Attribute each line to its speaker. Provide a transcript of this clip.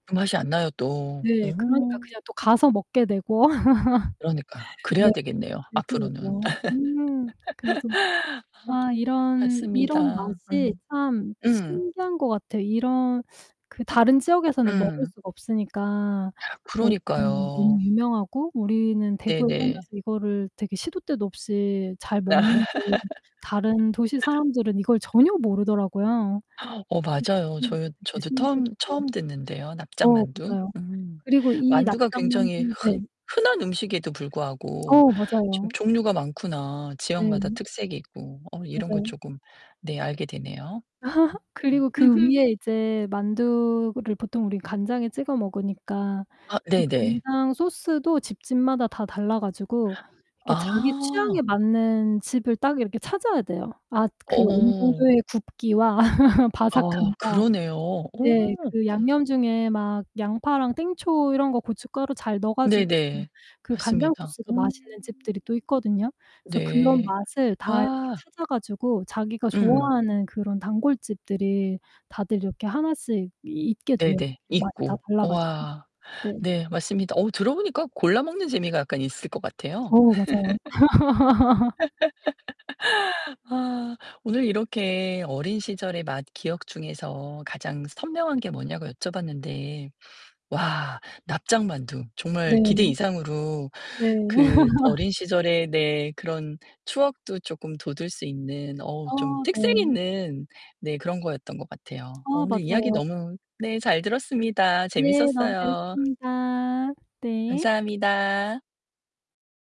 Speaker 1: 그 맛이 안 나요, 또.
Speaker 2: 네, 그러니까
Speaker 1: 음.
Speaker 2: 그냥 또 가서 먹게 되고.
Speaker 1: 그러니까
Speaker 2: 네,
Speaker 1: 그래야 되겠네요. 앞으로는.
Speaker 2: 그렇더라고요. 음 그래서 아 이런 이런
Speaker 1: 맞습니다.
Speaker 2: 맛이
Speaker 1: 음.
Speaker 2: 참
Speaker 1: 음.
Speaker 2: 신기한 것 같아요. 이런 그 다른 지역에서는 먹을
Speaker 1: 음.
Speaker 2: 수가 없으니까 저희는 너무
Speaker 1: 그러니까요.
Speaker 2: 유명하고 우리는 대구에
Speaker 1: 네네.
Speaker 2: 살면서 이거를 되게 시도때도 없이 잘 먹는데 다른 도시사람들은 이걸 전혀 모르더라구요.
Speaker 1: 어 맞아요. 저
Speaker 2: [unintelligible] 되게
Speaker 1: 저도 터음
Speaker 2: 신기했고.
Speaker 1: 처음 듣는데요,
Speaker 2: 어,
Speaker 1: 납작만두.
Speaker 2: 맞아요.
Speaker 1: 음
Speaker 2: 그리고 이
Speaker 1: 만두가 굉장히
Speaker 2: 납작만두 네.
Speaker 1: 흔 흔한 음식에도 불구하고
Speaker 2: 어
Speaker 1: 좀
Speaker 2: 맞아요.
Speaker 1: 종류가 많구나 지역마다
Speaker 2: 네.
Speaker 1: 특색이 있고 어 이런 거
Speaker 2: 맞아요.
Speaker 1: 조금 네, 알게 되네요. 음
Speaker 2: 그리고
Speaker 1: 음.
Speaker 2: 그 위에 이제 만두를 보통 우리 간장에 찍어 먹으니까
Speaker 1: 아,
Speaker 2: 그
Speaker 1: 네네.
Speaker 2: 간장 소스도 집집마다 다 달라 가지고 이렇게 자기 취향에
Speaker 1: 아.
Speaker 2: 맞는 집을 딱 이렇게 찾아야 되요. 아 그
Speaker 1: 어.
Speaker 2: 어느정도의 굽기와
Speaker 1: 아,
Speaker 2: 바삭함과
Speaker 1: 그러네요.
Speaker 2: 네,
Speaker 1: 오.
Speaker 2: 그 양념중에 막 양파랑 땡초 이런거 고춧가루 잘 넣어가지고
Speaker 1: 네네.
Speaker 2: 그 간장
Speaker 1: 맞습니다.
Speaker 2: 소스도
Speaker 1: 음.
Speaker 2: 맛있는 집들이 또 있거든요. 그래서 그런
Speaker 1: 네.
Speaker 2: 맛을 다
Speaker 1: 와.
Speaker 2: 찾아 가지고 자기가
Speaker 1: 음.
Speaker 2: 좋아하는 그런 단골집들이 다들 이렇게 하나씩 있게 돼요.
Speaker 1: 네네.
Speaker 2: 맛 다
Speaker 1: 있고.
Speaker 2: 달라 가지고.
Speaker 1: 우와.
Speaker 2: 네.
Speaker 1: 네, 맞습니다. 어, 들어 보니까 골라 먹는 재미가 약간 있을 것 같아요.
Speaker 2: 어 맞아요.
Speaker 1: 와 오늘 이렇게 어린 시절의 맛 기억 중에서 가장 선명한 게 뭐냐고 여쭤봤는데 와 납작 만두 정말 기대
Speaker 2: 네.
Speaker 1: 이상으로
Speaker 2: 네.
Speaker 1: 그 어린 시절의 네 그런 추억도 조금 돋울 수 있는 어
Speaker 2: 아
Speaker 1: 좀 특색
Speaker 2: 네.
Speaker 1: 있는 네 그런 거였던 것 같아요. 어
Speaker 2: 아
Speaker 1: 오늘 이야기
Speaker 2: 맞아요.
Speaker 1: 너무 네 잘 들었습니다.
Speaker 2: 네, 너무
Speaker 1: 재밌었어요.
Speaker 2: 재밌었습니다. 네.
Speaker 1: 감사합니다.